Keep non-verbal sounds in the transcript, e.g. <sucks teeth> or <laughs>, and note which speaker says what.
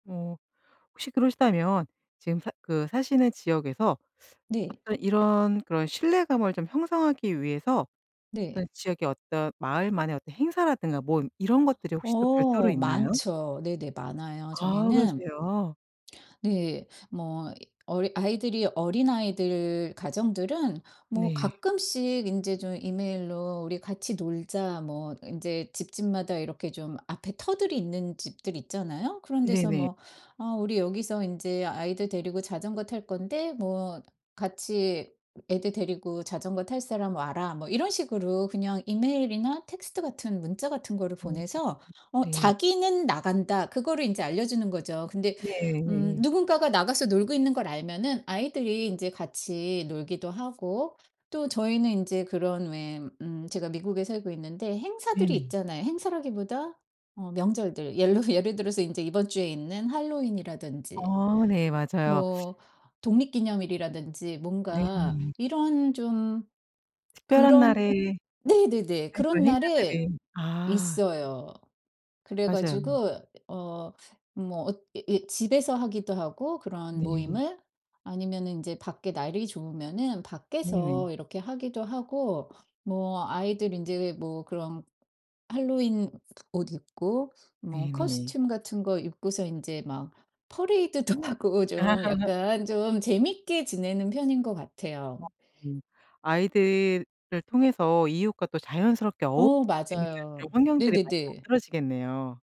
Speaker 1: 어 혹시 그러시다면 지금 사 그 사시는 지역에서
Speaker 2: 네.
Speaker 1: 어떤 이런 그런 신뢰감을 좀 형성하기 위해서
Speaker 2: 네.
Speaker 1: 어떤 지역의 어떤 마을만의 어떤 행사라든가 뭐 이런 것들이 혹시 또 별도로
Speaker 2: 어
Speaker 1: 있나요?
Speaker 2: 많죠. 네네. 많아요.
Speaker 1: 아
Speaker 2: 저희는
Speaker 1: 그러세요?
Speaker 2: 네. 뭐 어리 아이들이 어린아이들 가정들은 뭐
Speaker 1: 네.
Speaker 2: 가끔씩 인제 좀 이메일로 "우리 같이 놀자." 뭐 인제 집집마다 이렇게 좀 앞에 터들이 있는 집들 있잖아요. 그런 데서
Speaker 1: 네네.
Speaker 2: 뭐 "어 우리 여기서 인제 아이들 데리고 자전거 탈 건데 뭐 같이 애들 데리고 자전거 탈 사람 와라." 뭐 이런 식으로 그냥 이메일이나 텍스트 같은, 문자 같은 거를
Speaker 1: 어
Speaker 2: 보내서 어
Speaker 1: 네.
Speaker 2: '자기는 나간다.' 그거를 인제 알려주는 거죠. 근데
Speaker 1: 네.
Speaker 2: 음
Speaker 1: 예예.
Speaker 2: 누군가가 나가서 놀고 있는 걸 알면은 아이들이 인제 같이 놀기도 하고 또 저희는 인제 그런 왜 음 제가 미국에 살고 있는데 행사들이
Speaker 1: 네네.
Speaker 2: 있잖아요. 행사라기보다 어 명절들. 옐러 예를 들어서 이제 이번 주에 있는 할로윈이라든지
Speaker 1: 어 네. 맞아요. <sucks teeth>
Speaker 2: 뭐 독립기념일이라든지 뭔가
Speaker 1: 네네.
Speaker 2: 이런 좀
Speaker 1: 특별한
Speaker 2: 그런
Speaker 1: 날에
Speaker 2: 네네네,
Speaker 1: 아
Speaker 2: 그런
Speaker 1: 그런
Speaker 2: 날에
Speaker 1: 행사들이 아.
Speaker 2: 있어요. 그래
Speaker 1: 맞아요.
Speaker 2: 가지고 어 뭐 엇 이 이 집에서 하기도 하고 그런
Speaker 1: 네.
Speaker 2: 모임을. 아니면은 인제 밖에 날이 좋으면은
Speaker 1: 네네.
Speaker 2: 밖에서 이렇게 하기도 하고 뭐 아이들 인제 뭐 그런 할로윈 옷 입고 뭐
Speaker 1: 네네.
Speaker 2: 코스튬 같은 거 입고서 이제 막 퍼레이드도 하고 좀
Speaker 1: <laughs>
Speaker 2: 약간 좀 재미있게 지내는 편인 것 같아요.
Speaker 1: 아 음. 아이들을 통해서 이웃과 또 자연스럽게 어울릴
Speaker 2: 어
Speaker 1: 수 있는 그런
Speaker 2: 맞아요.
Speaker 1: 환경들이 많이
Speaker 2: 네네네.
Speaker 1: 만들어지겠네요.